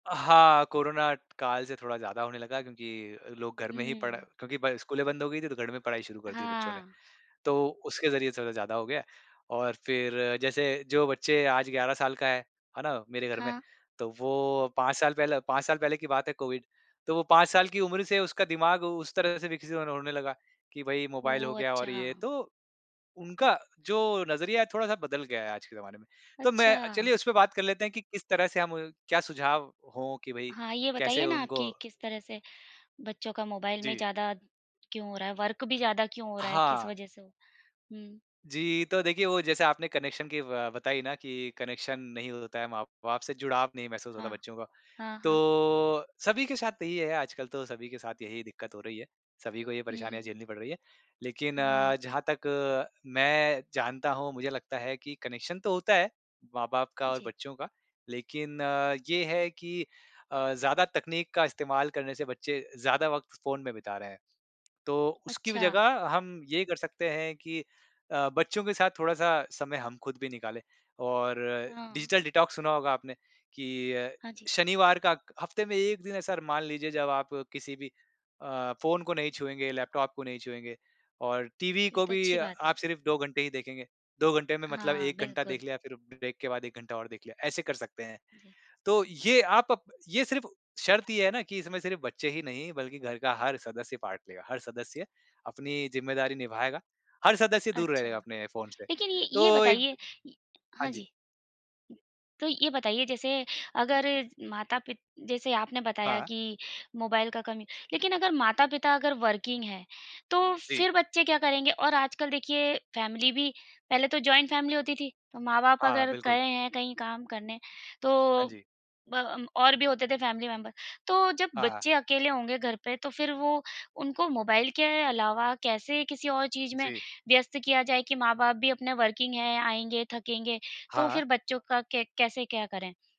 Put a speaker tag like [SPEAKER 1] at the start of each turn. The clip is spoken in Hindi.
[SPEAKER 1] अ, हाँ, कोरोना काल से थोड़ा ज़्यादा होने लगा क्योंकि लोग घर में ही पढ़
[SPEAKER 2] हुँ।
[SPEAKER 1] क्योंकि पढ़ स्कूलें बंद हो गई थीं तो घर में पढ़ाई शुरू कर दी बच्चों ने।
[SPEAKER 2] हाँ।
[SPEAKER 1] तो उसके ज़रिए थोड़ा ज़्यादा हो गया और फ़िर जैसे जो बच्चे आज 11 साल का है, है ना? मेरे घर में
[SPEAKER 2] हाँ।
[SPEAKER 1] तो वो 5 साल पहले 5 साल पहले की बात है कोविड। तो वो 5 साल की उम्र से उसका दिमाग उस तरह से विकसित होन होने लगा कि भई मोबाइल हो
[SPEAKER 2] ओह!
[SPEAKER 1] गया और ये
[SPEAKER 2] अच्छा।
[SPEAKER 1] तो उनका जो नज़रिया है थोड़ा-सा बदल गया है आज के ज़माने में। तो मैं
[SPEAKER 2] अच्छा।
[SPEAKER 1] चलिए उसपे बात कर लेते हैं कि किस तरह से हम क्या सुझाव हो कि भाई
[SPEAKER 2] हाँ, ये बताइए
[SPEAKER 1] कैसे
[SPEAKER 2] ना आप
[SPEAKER 1] उनको
[SPEAKER 2] कि किस तरह से बच्चों का मोबाइल में
[SPEAKER 1] जी।
[SPEAKER 2] ज़्यादा क्यों हो रहा है, वर्क भी ज़्यादा क्यों हो रहा है, किस
[SPEAKER 1] हाँ।
[SPEAKER 2] वजह से हो? हुँ।
[SPEAKER 1] जी, तो देखिए वो जैसे आपने कनेक्शन की अ, बताई ना कि कनेक्शन नहीं होता है, माँ-बाप से जुड़ाव नहीं महसूस होता है
[SPEAKER 2] हाँ।
[SPEAKER 1] बच्चों का।
[SPEAKER 2] हाँ, हाँ।
[SPEAKER 1] तो सभी के साथ यही है आजकल तो सभी के साथ यही दिक्कत हो रही है, सभी को ये परेशानियाँ
[SPEAKER 2] हुँ।
[SPEAKER 1] झेलनी पड़ रही हैं। लेकिन अ,
[SPEAKER 2] हाँ।
[SPEAKER 1] जहाँ तक मैं जानता हूँ मुझे लगता है कि कनेक्शन तो होता है माँ-बाप का और
[SPEAKER 2] जी।
[SPEAKER 1] बच्चों का। लेकिन ये है कि अ, ज़्यादा तकनीक का इस्तेमाल करने से बच्चे ज़्यादा वक़्त फ़ोन में बिता रहे हैं। तो उसकी भी
[SPEAKER 2] अच्छा।
[SPEAKER 1] जगह हम ये कर सकते हैं कि अ, बच्चों के साथ थोड़ा-सा समय हम ख़ुद भी निकाले। और
[SPEAKER 2] हाँ।
[SPEAKER 1] डिजिटल डिटॉक्स सुना होगा आपने कि अ,
[SPEAKER 2] हाँ जी।
[SPEAKER 1] शनिवार का हफ़्ते में 1 दिन ऐसा र मान लीजिए जब आप किसी भी अ, फ़ोन को नहीं छुएँगे, लैपटॉप को नहीं छुएँगे और टीवी
[SPEAKER 2] ये
[SPEAKER 1] को
[SPEAKER 2] तो
[SPEAKER 1] भी
[SPEAKER 2] अच्छी बात है।
[SPEAKER 1] आप सिर्फ़ 2 घंटे ही देखेंगे। 2 घंटे में मतलब
[SPEAKER 2] हाँ,
[SPEAKER 1] 1 घंटा
[SPEAKER 2] बिल्कुल।
[SPEAKER 1] देख लिया फ़िर ब्रेक के बाद 1 घंटा और देख लिया, ऐसे कर सकते हैं।
[SPEAKER 2] जी।
[SPEAKER 1] तो ये आप अब ये सिर्फ़ शर्त ये है ना कि इसमें सिर्फ़ बच्चे ही नहीं बल्कि घर का हर सदस्य पार्ट लेगा। हर सदस्य अपनी ज़िम्मेदारी निभाएगा, हर सदस्य दूर
[SPEAKER 2] अच्छा,
[SPEAKER 1] रहेगा अपने फ़ोन से।
[SPEAKER 2] लेकिन ये ये
[SPEAKER 1] तो एक
[SPEAKER 2] बताइए य
[SPEAKER 1] हाँ
[SPEAKER 2] हाँ
[SPEAKER 1] जी।
[SPEAKER 2] जी। तो ये बताइए जैसे अगर माता-पि जैसे आपने बताया
[SPEAKER 1] हाँ।
[SPEAKER 2] कि मोबाइल का कम लेकिन अगर माता-पिता अगर वर्किंग है। तो
[SPEAKER 1] जी।
[SPEAKER 2] फ़िर बच्चे क्या करेंगे, और आजकल देखिए फ़ैमिली भी पहले तो जॉइंट फ़ैमिली होती थी, तो माँ-बाप
[SPEAKER 1] हाँ,
[SPEAKER 2] अगर
[SPEAKER 1] बिल्कुल।
[SPEAKER 2] गए हैं कहीं काम करने।
[SPEAKER 1] हाँ
[SPEAKER 2] तो
[SPEAKER 1] जी।
[SPEAKER 2] ब अम, और भी होते थे फ़ैमिली मेंबर तो जब
[SPEAKER 1] हाँ।
[SPEAKER 2] बच्चे अकेले होंगे घर पे तो फ़िर वो उनको मोबाइल के अलावा कैसे किसी और चीज़ में
[SPEAKER 1] जी।
[SPEAKER 2] व्यस्त किया जाए? कि माँ-बाप भी अपने वर्किंग है आएँगे, थकेंगे। तो
[SPEAKER 1] हाँ।
[SPEAKER 2] फ़िर बच्चों का के कैसे क्या करें?